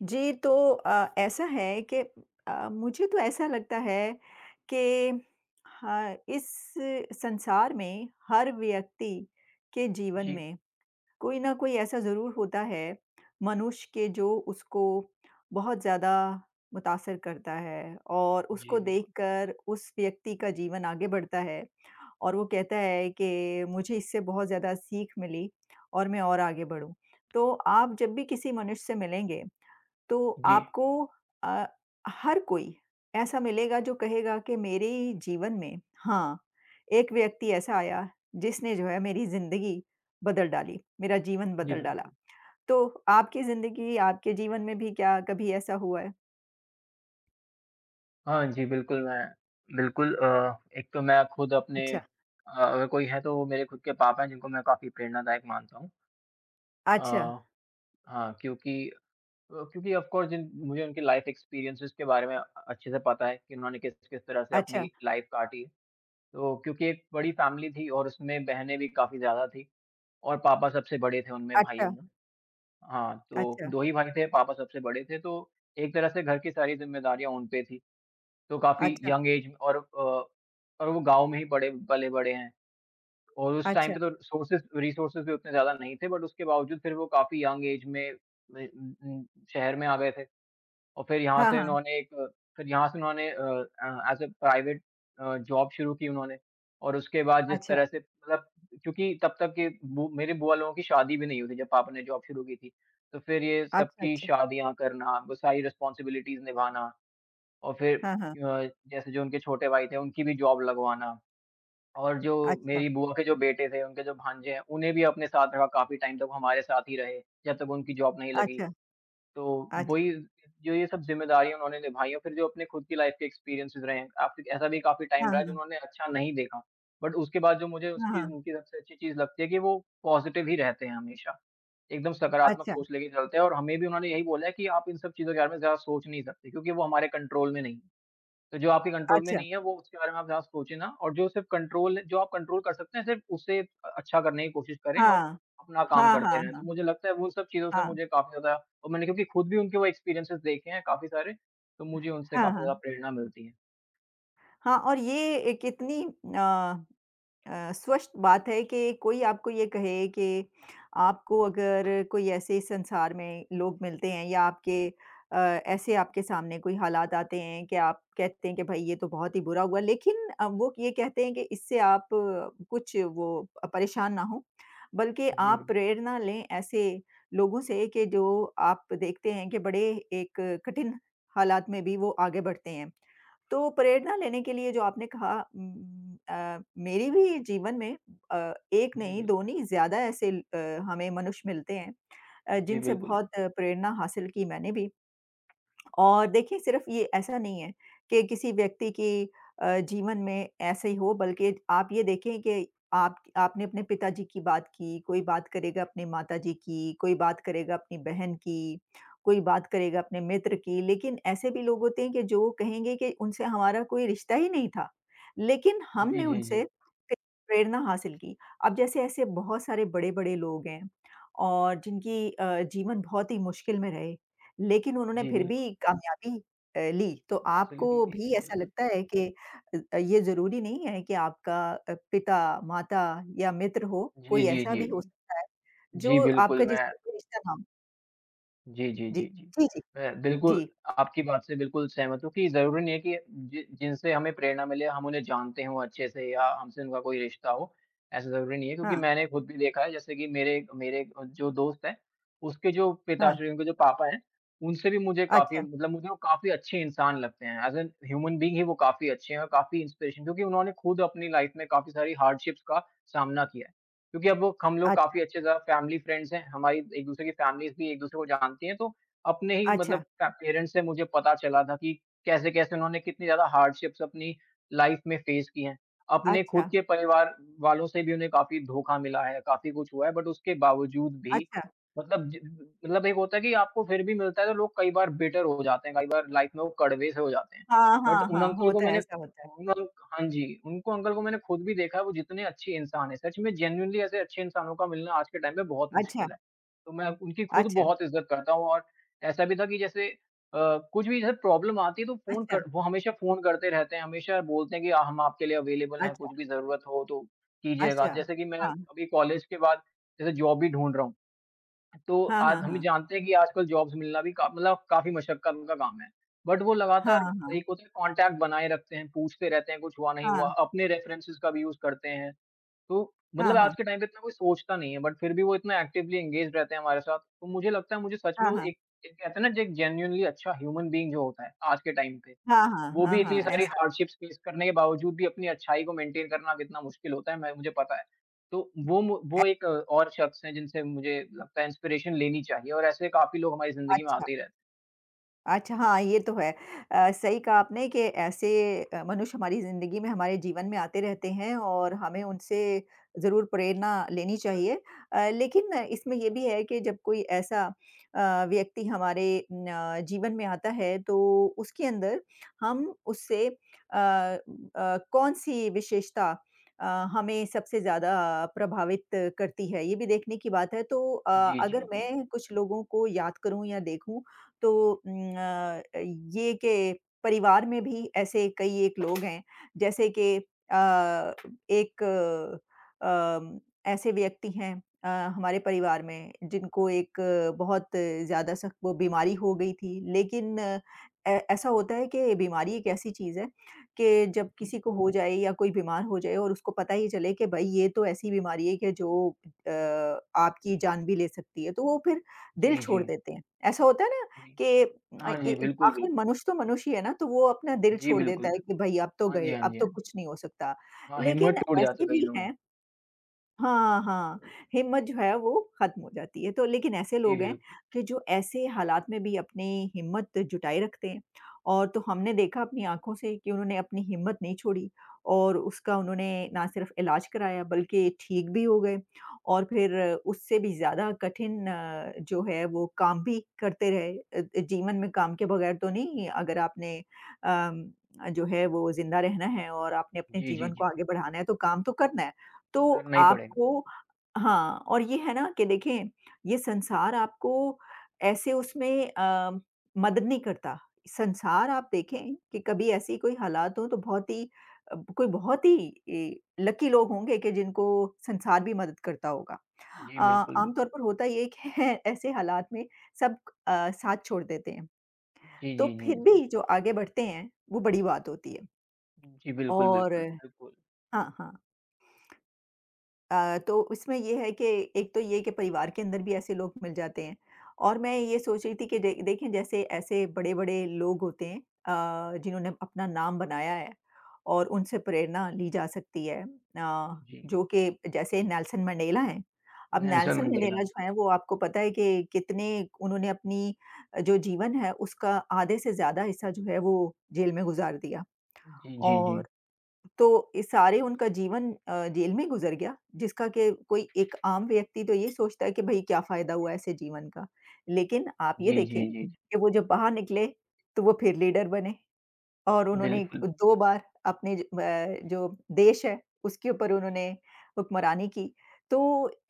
जी, तो अ, ऐसा है कि अ, मुझे तो ऐसा लगता है कि हा इस संसार में हर व्यक्ति के जीवन जी। में, कोई ना कोई ऐसा ज़रूर होता है मनुष्य के जो उसको बहुत ज़्यादा मुतासिर करता है और उसको जी, बिल्कुल। देखकर उस व्यक्ति का जीवन आगे बढ़ता है और वो कहता है कि मुझे इससे बहुत ज़्यादा सीख मिली और मैं और आगे बढ़ूँ। तो आप जब भी किसी मनुष्य से मिलेंगे, तो जी। आपको अ, हर कोई ऐसा मिलेगा जो कहेगा कि मेरे जीवन में हाँ, एक व्यक्ति ऐसा आया, जिसने जो है मेरी ज़िंदगी बदल डाली, मेरा जीवन जी, बदल डाला। बिल्कुल। तो आपकी ज़िंदगी, आपके जीवन में भी क्या कभी ऐसा हुआ है? हाँ जी, बिल्कुल मैं बिल्कुल अ, एक तो मैं खुद अपने अच्छा। अ अगर कोई है तो मेरे खुद के पापा हैं, जिनको मैं काफ़ी प्रेरणादायक मानता हूँ। अ, अच्छा। हाँ, क्योंकि अ, क्योंकि ऑफ़ कोर्स जिन मुझे उनकी लाइफ एक्सपीरियंसेज़ के बारे में अ अच्छे से पता है कि उन्होंने किस-किस तरह से अपनी अच्छा। लाइफ काटी। तो क्योंकि एक बड़ी फैमिली थी और उसमें बहनें भी काफ़ी ज़्यादा थी और पापा सबसे बड़े थे, उनमें अच्छा। भाइयों में। हाँ, तो अच्छा। 2 ही भाई थे, पापा सबसे बड़े थे तो एक तरह से घर की सारी ज़िम्मेदारियाँ उन पे थी। तो काफ़ी अच्छा। यंग ऐज और अ और वो गाँव में ही बड़े पले-बड़े हैं और उस टाइम अच्छा। पे तो रिसोर्सेज़ रिसोर्सेज़ भी उतने ज़्यादा नहीं थे, बट उसके बावजूद फिर वो काफ़ी यंग ऐज में, में उम उम, शहर में आ गए थे। अ, फिर यहाँ हाँ, से हाँ। उन्होंने एक फिर यहाँ से उन्होंने uh uh, as a private uh, job शुरू की उन्होंने और उसके बाद जिस अच्छा। तरह से मतलब क्योंकि तब तक के बु मेरे बुआ लोगों की शादी भी नहीं हुई थी जब पापा ने जॉब शुरू की थी। तो फिर ये अच्छा, सबकी अच्छा। शादियाँ करना, वो सारी रिस्पांसिबिलिटीज़ निभाना और फिर हाँ, हाँ। अ, जैसे जो उनके छोटे भाई थे, उनकी भी जॉब लगवाना। और जो अच्छा। मेरी बुआ के जो बेटे थे, उनके जो भांजे हैं, उन्हें भी अपने साथ रखा काफ़ी टाइम तक वो हमारे साथ ही रहे, जब तक उनकी जॉब नहीं लगी। अच्छा। तो अच्छा। वही जो ये सब ज़िम्मेदारियाँ उन्होंने निभाई हैं, फिर जो अपने खुद की लाइफ के एक्सपीरियंसेज़ रहे हैं, आपकी ऐसा भी काफ़ी टाइम हाँ, रहा जो हाँ। उन्होंने अच्छा नहीं देखा। बट उसके बाद जो मुझे हाँ, उसकी हाँ। उनकी सबसे अच्छी चीज़ लगती है कि वो पॉजिटिव ही रहते हैं हमेशा। एकदम सकारात्मक अच्छा। सोच लेके चलते हैं और हमें भी उन्होंने यही बोला है कि आप इन सब चीज़ों के बारे में ज़्यादा सोच नहीं सकते क्योंकि वो हमारे कंट्रोल में नहीं। तो जो आपके कंट्रोल में अच्छा। नहीं है, वो उसके बारे में आप ज़्यादा सोचें ना और जो सिर्फ़ कंट्रोल जो आप कंट्रोल कर सकते हैं, सिर्फ़ उसे अ अच्छा करने की कोशिश करें और हाँ। अपना काम हाँ, करते हाँ, रहें। तो हाँ। मुझे लगता है उन सब चीज़ों से हाँ। मुझे काफ़ी ज़्यादा और मैंने क्योंकि खुद भी उनके वो एक्सपीरियंसेज़ देखे हैं काफ़ी सारे, तो मुझे उनसे हाँ, काफ़ी ज़्यादा हाँ। प्रेरणा मिलती है। हाँ, और ये एक इतनी अ अ, स्पष्ट बात है के कोई आपको ये कहे कि आपको अगर कोई ऐसे इस संसार में लोग मिलते हैं या आपके अ, ऐसे आपके सामने कोई हालात आते हैं के आप कहते हैं कि भाई ये तो बहुत ही बुरा हुआ। लेक़िन अ, वो ये कहते हैं कि इससे आप कुछ वो अ, परेशान ना हों बल्कि जी आप बिल्कुल। प्रेरणा लें ऐसे लोगों से कि जो आप देखते हैं कि बड़े एक कठिन हालात में भी वो आगे बढ़ते हैं। तो प्रेरणा लेने के लिए जो आपने कहा उम उम, अ, मेरे भी जीवन में अ, एक जी नहीं, दो बिल्कुल। नहीं ज़्यादा ऐसे ल अ, हमें मनुष्य मिलते हैं अ, जी जिनसे बिल्कुल। बहुत प्रेरणा हासिल की मैंने भी। और देखिए सिर्फ़ ये ऐसा नहीं है के किसी व्यक्ति की अ, जीवन में ऐसा ही हो बल्कि आप ये देखें के आप आपने पिताजी की बात की कोई बात करेगा अपने माताजी की, कोई बात करेगा अपनी बहन की, कोई बात करेगा अपने मित्र की लेक़िन ऐसे भी लोग होते हैं कि जो कहेंगे कि उनसे हमारा कोई रिश्ता ही नहीं था। लेक़िन जी, हमने जी, उनसे जी। क प्रेरणा हासिल की। अब जैसे ऐसे बहुत सारे बड़े-बड़े लोग हैं और जिनकी अ, जीवन बहुत ही मुश्किल में रहे लेक़िन उन्होंने जी फ़िर बिल्कुल। भी कामयाबी अ, ली। तो हाँ, सही आपको भी [unintelligible] ऐसा बिल्कुल। लगता है के अ अ, ये ज़रूरी नहीं है कि आपका अ, पिता माता या मित्र हो जी, कोई जी, ऐसा जी, भी हो जी। सकता है जी जो बिल्कुल, आपका मैं जिससे कोई रिश्ता ना हो? जी, जी, जी, जी, जी। जी, जी। मैं बिल्कुल जी। आपकी बात से बिल्कुल सहमत हूँ कि ज़रूरी नहीं है कि जि जिनसे हमें प्रेरणा मिले हम उन्हें जानते हों अच्छे से या हमसे उनका कोई रिश्ता हो। ऐसा ज़रूरी नहीं है, क्योंकि हाँ। मैंने ख़ुद भी देखा है जैसे कि मेरे मेरे अ, जो दोस्त हैं उसके जो हाँ। पिताश्री हैं, उनके जो पापा हैं उनसे भी मुझे काफ़ी अच्छा। मतलब मुझे वो काफ़ी अच्छे इंसान लगते हैं ऐज़ इन ह्यूमन बीइंग ही वो काफ़ी अच्छे हैं और काफ़ी इंस्पिरेशन क्योंकि उन्होंने ख़ुद अपनी लाइफ में काफ़ी सारी हार्डशिप्स का सामना किया है। क्योंकि अब वो हम लोग काफ़ी अच्छा। अच्छे जा फैमिली फ्रेंड्स हैं हमारी एक-दूसरे की फैमिलीज़ भी एक-दूसरे को जानती हैं। तो अपने ही मतलब अच्छा। ट पेरेंट्स से मुझे पता चला था कि कैसे-कैसे उन्होंने कितनी ज़्यादा हार्डशिप्स अपनी लाइफ में फेस की हैं। अपने ख़ुद अच्छा। के परिवार वालों से भी उन्हें काफ़ी धोखा मिला है, काफ़ी कुछ हुआ है। बट उसके बावजूद भी अच्छा। मतलब जब मतलब एक होता है कि आपको फ़िर भी मिलता है तो लोग कई बार बिटर हो जाते हैं कई बार लाइफ में वो कड़वे से हो जाते हैं। हाँ, बट हाँ, उन हाँ अंकल को होता है, मैंने ऐसा होता है। उन अंक हाँ जी, उनको अंकल को मैंने ख़ुद भी देखा है वो जितने अच्छे इंसान हैं सच में जेनुइनली ऐसे अच्छे इंसानों का मिलना आज के टाइम में बहुत अच्छा। मुश्किल है। तो मैं उनकी ख़ुद अच्छा। बहुत इज़्ज़त करता हूँ और ऐसा भी था कि जैसे अ, कुछ भी जैसे प्रॉब्लम आती है तो फ़ोन अच्छा। कर वो हमेशा फ़ोन करते रहते हैं हमेशा बोलते हैं कि अ, हम आपके लिए अवेलेबल हैं अच्छा। कुछ भी ज़रूरत हो तो कीजिएगा। अच्छा। जैसे कि मैं हाँ। अभी कॉलेज के बाद जैसे जॉब भी ढूँढ रहा हूँ तो हाँ, आज हाँ, हम हाँ। जानते हैं कि आजकल जॉब्स मिलना भी का मतलब काफ़ी मशक्कत का काम है। बट वो हाँ, लगातार हाँ। एक होता है कॉन्टैक्ट बनाए रखते हैं पूछते रहते हैं कुछ हुआ, नहीं हुआ हाँ। अपने रेफेरेंसेज़ का भी यूज़ करते हैं। तो हाँ, मतलब आज हाँ। के टाइम पे इतना कोई सोचता नहीं है बट फ़िर भी वो इतना एक्टिवली एन्गेज्ड रहते हैं हमारे साथ। तो मुझे लगता है मुझे सच में हाँ, वो हाँ। एक एक कहते ना ज एक जेनुइनली अच्छा ह्यूमन बीइंग जो होता है आज के टाइम पे। हाँ, हाँ, वो हाँ, भी हाँ। इतनी सारी ऐसा। हार्डशिप्स फेस करने के बावजूद भी अपनी अच्छाई को मेंटेन करना कितना मुश्किल होता है मैं मुझे पता है। तो वो म अ वो एक और शख्स हैं जिनसे मुझे लगता है इंस्पिरेशन लेनी चाहिए और ऐसे काफ़ी लोग हमारी ज़िंदगी में अच्छा। आते ही रहते। अच्छा हाँ, ये तो है। अ, सही कहा आपने कि ऐसे अ, मनुष्य हमारी जिंदगी में, हमारे जीवन में आते रहते हैं और हमें उनसे ज़रूर प्रेरणा लेनी चाहिए अ, लेकिन इसमें ये भी है कि जब कोई ऐसा अ, व्यक्ति हमारे न जीवन में आता है तो उसके अंदर, हम उससे अ अ, कौन सी विशेषता अ, हमें सबसे ज़्यादा प्रभावित करती है, ये भी देखने की बात है तो अ, जी, अगर जी, जी। मैं कुछ लोगों को याद करूँ या देखूँ, तो उ अ, ये कि परिवार में भी ऐसे कई एक लोग हैं, जैसे कि अ, एक अ, ऐसे व्यक्ति हैं अ, हमारे परिवार में जिनको एक बहुत ज़्यादा सख्त वो बीमारी हो गई थी। लेकिन अ, ऐसा होता है कि बीमारी एक ऐसी चीज है कि जब किसी को हो जाए या कोई बीमार हो जाए और उसको पता ही चले कि भाई ये तो ऐसी बीमारी है कि जो अ, आपकी जान भी ले सकती है तो वो फिर दिल जी, छोड़ जी। देते हैं। ऐसा होता है ना जी, कि हाँ ए जी, बिल्कुल, आखिर बिल्कुल। मनुष्य तो मनुष्य ही है ना तो वो अपना दिल जी, छोड़ बिल्कुल, देता है कि बिल्कु भाई अब तो हाँ गए, जी, हाँ अब जी, तो हाँ जी। कुछ नहीं हो सकता। हाँ, लेकिन हिम्मत टूट ऐसे जाती कई भी लोगों हैं हाँ, हाँ, हिम्मत जो है वो खत्म हो जाती है तो लेकिन ऐसे जी लोग हैं बिल्कु कि जो ऐसे हालात में भी अपनी हिम्मत जुटाये रखते हैं और तो हमने देखा अपनी आँखों से कि उन्होंने अपनी हिम्मत नहीं छोड़ी और उसका उन्होंने ना सिर्फ इलाज कराया बल्कि ठीक भी हो गए। और फिर उससे भी ज़्यादा कठिन जो है वो काम भी करते रहे अ अ, जीवन में काम के बगैर तो नहीं अगर आपने अम, जो है वो जिंदा रहना है और आपने अम, अपने जी, जी, जीवन को जी। आगे बढ़ाना है तो काम तो करना है। तो करना ही पड़ेगा। आपको हाँ और ये है ना कि देखें ये संसार आपको ऐसे उसमें अ, मदद नहीं करता, संसार आप देखें कि कभी ऐसी कोई हालात हों तो बहुत ही अ, कोई बहुत ही लकी लोग होंगे कि जिनको संसार भी मदद करता होगा। जी, अ, बिल्कुल, बिल आमतौर पर होता ये है कि ऐसे हालात में सब अ, साथ छोड़ देते हैं। जी, तो जी, फिर जी। भी जो आगे बढ़ते हैं, वो बड़ी बात होती है। जी, बिल्कुल, और बिल्कुल, बिल्कुल। हाँ, हाँ। अ, तो उसमें ये है कि एक तो ये कि परिवार के अंदर भी ऐसे लोग मिल जाते हैं और मैं ये सोच रही थी कि देख देखें जैसे ऐसे बड़े-बड़े लोग होते हैं अ, जिन्होंने अपना नाम बनाया है और उनसे प्रेरणा ली जा सकती है अ, जी। जो कि जैसे नेल्सन मंडेला हैं। अब नेल्सन नेल्सन मंडेला। मंडेला जो हैं वो आपको पता है कि कितने उन्होंने अपनी जो जीवन है उसका आधे से ज़्यादा हिस्सा जो है वो जेल में गुजार दिया जी, जी। और तो अ, सारे उनका जीवन अ, जेल में गुजर गया जिसका कि कोई एक आम व्यक्ति तो ये सोचता है कि भाई क्या फायदा हुआ ऐसे जीवन का। लेकिन आप ये जी, देखें, जी, जी। कि वो जब बाहर निकले तो वो फिर लीडर बने और उन्होंने बिल्कुल। 2 बार अपने ज व जो देश है, उसके ऊपर उन्होंने हुक्मरानी की तो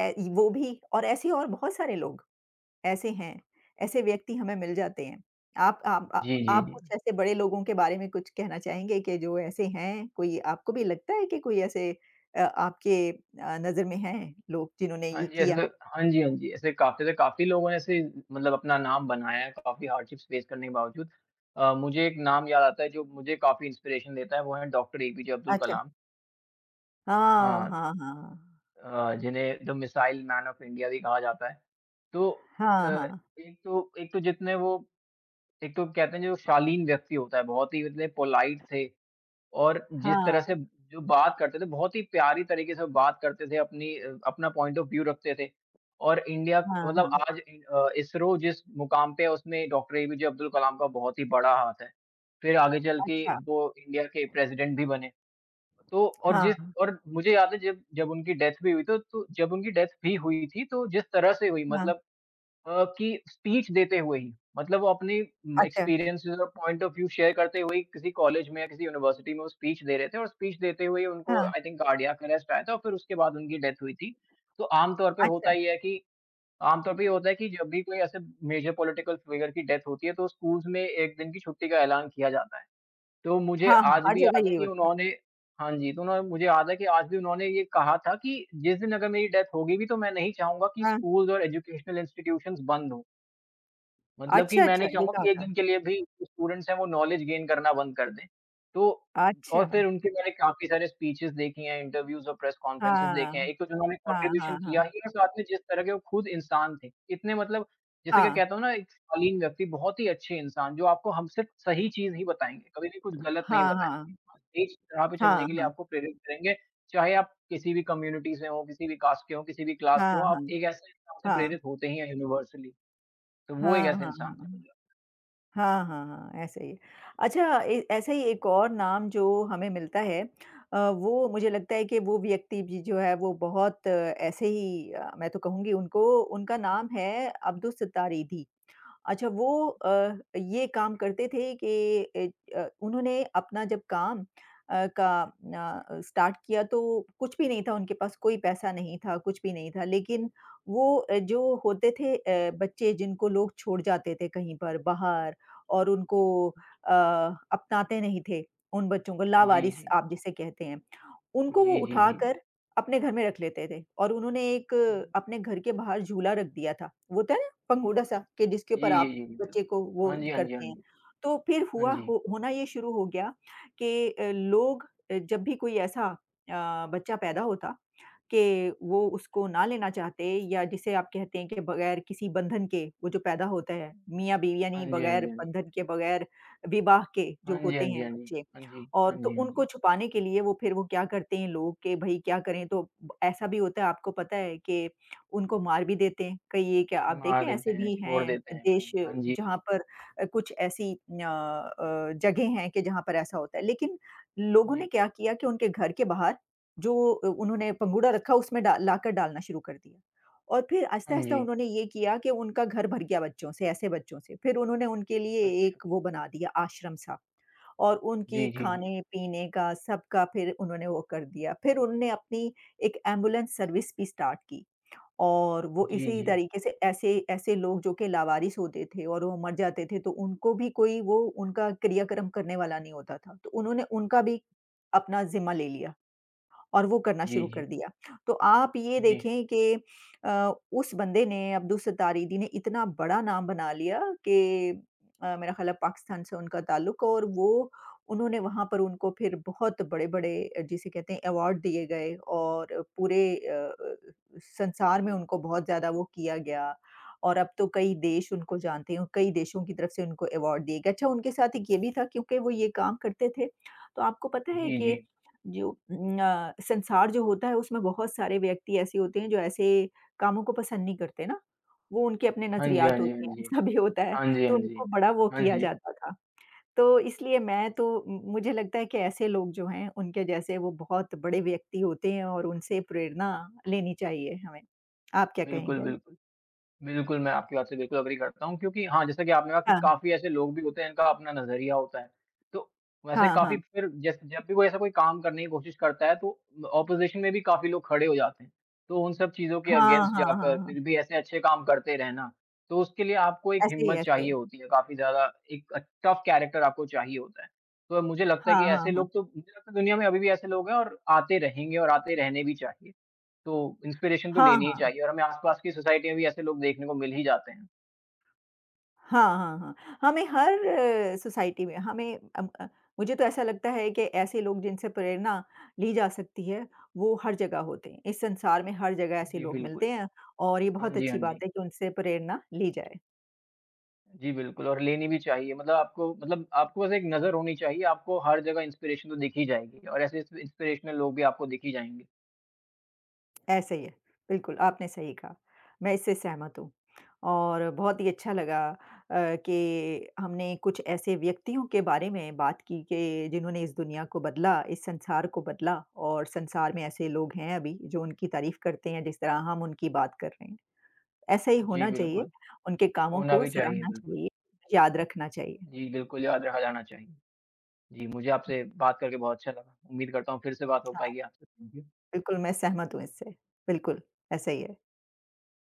ए वो भी और ऐसे और बहुत सारे लोग ऐसे हैं, ऐसे व्यक्ति हमें मिल जाते हैं। आप आप जी, जी, आप कुछ जी। ऐसे बड़े लोगों के बारे में कुछ कहना चाहेंगे कि जो ऐसे हैं? कोई आपको भी लगता है कि कोई ऐसे अ, आपके अ, नजर में हैं लोग जिन्होंने हाँ ये जी ऐसे किया? हाँ जी, हाँ जी, ऐसे काफ़ी ज़्या काफ़ी लोगों ने अपना नाम बनाया काफ़ी हार्डशिप्स फेस करने के बावजूद अ, मुझे एक नाम याद आता है जो मुझे काफ़ी इंस्पिरेशन देता है वो हैं doctor A. P. J Abdul अच्छा। कलाम। हाँ, हाँ। हाँ, हाँ। अ, जिन्हें the missile man of India भी कहा जाता है। तो अ, हाँ, हाँ। एक तो एक तो जीतने वो एक तो कहते हैं जो वो शालीन व्यक्ति होता है, बहुत ही मतलब पोलाइट थे। और जिस तरह हाँ। से जो बात करते थे, बहुत ही प्यारे तरीके से वो बात करते थे, अपनी अ, अपना पॉइंट ऑफ व्यू रखते थे। और इंडिया हाँ, मतलब हाँ। आज नहीं अ, इसरो जिस मुकाम पे है उसमें डॉक्टर एपीजे अब्दुल कलाम का बहुत ही बड़ा हाथ है, फिर आगे चल के अच्छा। वो इंडिया के प्रेसिडेंट भी बने। तो और हाँ।। जिस और मुझे याद है जब उनकी डेथ भी हुई, तो तो जब उनकी डेथ भी हुई थी, तो जिस तरह से हुई हाँ। मतलब अ, कि स्पीच देते हुए ही, मतलब वो अपनी अच्छा। एक्सपीरियंसज़ और पॉइंट ऑफ व्यू शेयर करते हुए ही किसी कॉलेज में या किसी यूनिवर्सिटी में वो स्पीच दे रहे थे और स्पीच देते हुए उनको हाँ। आई थिंक कार्डियक अर्रेस्ट आया था फिर उसके बाद उनकी डेथ हुई थी। तो आमतौर पर होता अच्छा। ये है कि आमतौर पर ये होता है कि जब भी कोई ऐसे मेजर पॉलिटिकल फिगर की डेथ होती है तो स्कूल्स में एक दिन की छुट्टी का ऐलान किया जाता है। तो मुझे हाँ, हाँ, आज हर भी जगह याद है नहीं कि होती। उन्होंने हाँ जी तो उन्होंने, तो मुझे आज भी याद है ये कहा था कि जिस दिन अगर मेरी डेथ होगी भी तो मैं नहीं चाहूँगा कि हाँ। स्कूल्स और एजुकेशनल इंस्टिट्यूशन्स बंद हों। मतलब कि अच्छा, मैं अच्छा नहीं ये चाहूँगा कहा कि एक था। दिन के लिए भी जो स्टूडेंट्स हैं वो नॉलेज गेन करना बंद कर दें। तो और फ़िर अच्छा। उनके मैंने काफ़ी सारे स्पीचेस देखे हैं इंटरव्यूज़ और प्रेस कॉन्फ़्रेंस देखे हैं। हाँ। एक तो उन्होंने हाँ, कंट्रीब्यूशन हाँ, हाँ।। किया ही और साथ में जिस तरह के वो ख़ुद इंसान थे। इतने मतलब जैसे कि हाँ। कहता हूँ ना एक शालीन व्यक्ति बहुत ही अच्छे इंसान। जो आपको हमेशा सही चीज़ ही बताएँगे। कभी भी कुछ ग़लत नहीं ।हाँ, हाँ। बताएँगे, सही राह पे चलने हाँ, के लिए हाँ।। आपको प्रेरित करेंगे। चाहे आप किसी भी कम्युनिटी से हों किसी भी कास्ट के हों किसी भी क्लास के हाँ, हों। हाँ। आप एक ऐसे इंसान से हाँ। प्रेरित होते ही हैं युनिवर्सली तो वो एक हाँ, ऐसे हाँ, इंसान हाँ। हैं।। हाँ, हाँ, हाँ। ऐसा ही है। अच्छा ए ऐसा ही एक और नाम जो हमें मिलता है। अ, वो मुझे लगता है कि वो व्यक्ति भी जो है वो बहुत ऐसे ही अ, मैं तो कहूँगी उनको उनका नाम है अब्दुल सत्तार ईधी। अच्छा वो अ, ये काम करते थे कि अ, उन्होंने अपना जब काम अ, का अ, स्टार्ट किया। तो कुछ भी नहीं था उनके पास, कोई पैसा नहीं था, कुछ भी नहीं था। लेक़िन वो अ, जो होते थे, बच्चे जिनको लोग छोड़ जाते थे कहीं पर बाहर और उनको अ, अपनाते नहीं थे उन बच्चों को जी, लावारिस जी, आप जी। जिसे कहते हैं। उनको वो जी, जी, जी। उठाकर अपने घर में रख लेते थे और उन्होंने एक अपने घर के बाहर झूला रख दिया था। वो होता है ना पंघूड़ा-सा कि जिसके ऊपर जी, जी, आप जी। बच्चे को वो हाँ जी, हाँ जी, हाँ करते हैं। जी। तो फ़िर हाँ हुआ जी। हो होना ये शुरू हो गया कि लोग अ, जब भी कोई ऐसा अ, बच्चा पैदा होता कि वो उसको ना लेना चाहते। या जिसे आप कहते हैं कि बगैर किसी बंधन के वो जो पैदा होता है, हाँ मिया-बीवी यानी जी, हाँ बगैर जी, हाँ जी। बंधन के, बगैर विवाह के जो हाँ जी, होते हाँ जी, हैं हाँ जी। बच्चे। हाँ जी। हाँ और तो जी, हाँ उनको जी। छुपाने के लिए वो फ़िर वो क्या करते हैं लोग कि भई क्या करें? तो ऐसा भी होता है आपको पता है कि उनको मार भी देते हैं। कहीं ये क्या आप देखें मार देते ऐसे हैं, भी छोड़ हैं देते हैं देश कहीं। हाँ जी। जहाँ पर अ, कुछ ऐसी अ अ, जगह हैं कि जहाँ पर ऐसा होता है। लेक़िन लोगों ने जी। क्या किया कि उनके घर के बाहर जो उन्होंने पंघूड़ा रखा उसमें डा लाकर डालना शुरू कर दिया। और फ़िर हाँ आहिस्ता-आहिस्ता जी। उन्होंने ये किया कि उनका घर भर गया बच्चों से ऐसे बच्चों से। फ़िर उन्होंने उनके लिए एक वो अच्छा। बना दिया आश्रम-सा और उनके जी, जी, जी। ख़ाने-पीने का सबका फ़िर उन्होंने वो कर दिया। फ़िर उन्होंने अपनी एक एम्बुलेंस सर्विस भी स्टार्ट की और वो जी, इसी जी। तरीक़े से ऐसे ऐसे लोग जो कि लावारिस होते थे और वो मर जाते थे तो उनको भी कोई वो उनका क्रिया-कर्म करने वाला नहीं होता था। तो उन्होंने उनका भी अपना ज़िम्मा ले लिया और वो करना जी, शुरू कर जी। दिया। तो आप ये जी। देखें कि अ, उस बंदे ने अब्दुल सत्तार ईधी ने इतना बड़ा नाम बना लिया कि अ, मेरा ख्याल है पाकिस्तान से उनका ताल्लुक है और वो उन्होंने वहाँ पर उनको फ़िर बहुत बड़े-बड़े अ, जिसे कहते हैं अवार्ड दिए गए और पूरे अ अ अ, संसार में उनको बहुत ज़्यादा वो किया गया और अब तो कई देश उनको जानते हैं और कई देशों की तरफ़ से उनको अवार्ड दिए गए। अच्छा उनके साथ एक ये भी था क्योंकि वो ये काम करते थे, तो आपको पता है जी, कि जी। जो अ, संसार जो होता है उसमें बहुत सारे व्यक्ति ऐसे होते हैं जो ऐसे कामों को पसंद नहीं करते ना। वो उनके अपने हाँ जी, हाँ नज़रियात जी, हाँ होते हैं जी। ऐसा भी होता है हाँ जी, हाँ तो उनको जी। बड़ा वो हाँ किया जी। जाता था। तो इसलिए मैं तो मु मुझे लगता है कि ऐसे लोग जो हैं उनके जैसे वो बहुत बड़े व्यक्ति होते हैं और उनसे प्रेरणा लेनी चाहिए हमें। आप क्या बिल्कुल, कहेंगे? बिल्कुल। बिल्कुल, मैं आपकी बात से बिल्कुल अग्री करता हूँ। क्योंकि हाँ, जैसा कि आपने कहा कि हाँ। काफ़ी ऐसे लोग भी होते हैं जिनका अपना नज़रिया होता है। तो वैसे हाँ, काफ़ी हाँ। फ़िर जै जब भी कोई ऐसा कोई काम करने की कोशिश करता है। तो ओपोज़िशन में भी काफ़ी लोग खड़े हो जाते हैं। तो उन सब चीज़ों के हाँ, अगेंस्ट हाँ, हाँ, जाकर हाँ।। फ़िर भी ऐसे अच्छे काम करते रहना। तो उसके लिए आपको एक ऐसे ही, हिम्मत ऐसे। चाहिए होती है काफ़ी ज़्यादा एक टफ कैरेक्टर आपको चाहिए होता है। तो मुझे लगता है कि हाँ, हाँ, ऐसे हाँ। लोग तो मुझे लगता है दुनिया में अभी भी ऐसे लोग हैं और आते रहेंगे और आते रहने भी चाहिए। तो इंस्पिरेशन तो हाँ, लेनी ही हाँ। चाहिए और हमें आसपास की सोसाइटी में भी ऐसे लोग देखने को मिल ही जाते हैं। हाँ, हाँ, हाँ। हमें हर सोसाइटी में हमें अ अ, मुझे तो ऐसा लगता है कि ऐसे लोग जिनसे प्रेरणा ली जा सकती है वो हर जगह होते हैं। इस संसार में हर जगह ऐसे जी, लोग मिलते बिल्कुल। हैं और ये हाँ बहुत जी, अच्छी हाँ बात जी। है कि उनसे प्रेरणा ली जाए।। जी, बिल्कुल और लेनी भी चाहिए। मतलब आपको मतलब आपके पास एक नज़र होनी चाहिए। आपको हर जगह इंस्पिरेशन तो दिख ही जाएगी और ऐसे ऐसे इंस्पिरेशनल लोग भी आपको दिख ही जाएँगे। ऐसा ही है। बिल्कुल आपने सही कहा, मैं इससे सहमत हूँ। और बहुत ही अच्छा लगा अ, कि हमने कुछ ऐसे व्यक्तियों के बारे में बात की कि जिन्होंने इस दुनिया को बदला इस संसार को बदला। और संसार में ऐसे लोग हैं अभी जो उनकी तारीफ़ करते हैं जिस तरह हम उनकी बात कर रहे हैं। ऐसा ही जी, होना चाहिए बिल्कुल। उनके कामों होना को भी चाहिए सराहना बिल्कुल।। चाहिए याद रखना चाहिए। जी, बिल्कुल याद रखा जाना चाहिए। जी, मुझे आपसे बात करके बहुत अच्छा लगा। उम्मीद करता हूँ फ़िर से बात हो हाँ। पाएगी आपसे। हुँ, हुँ। बिल्कुल, मैं सहमत हूँ इससे। बिल्कुल, ऐसा ही है।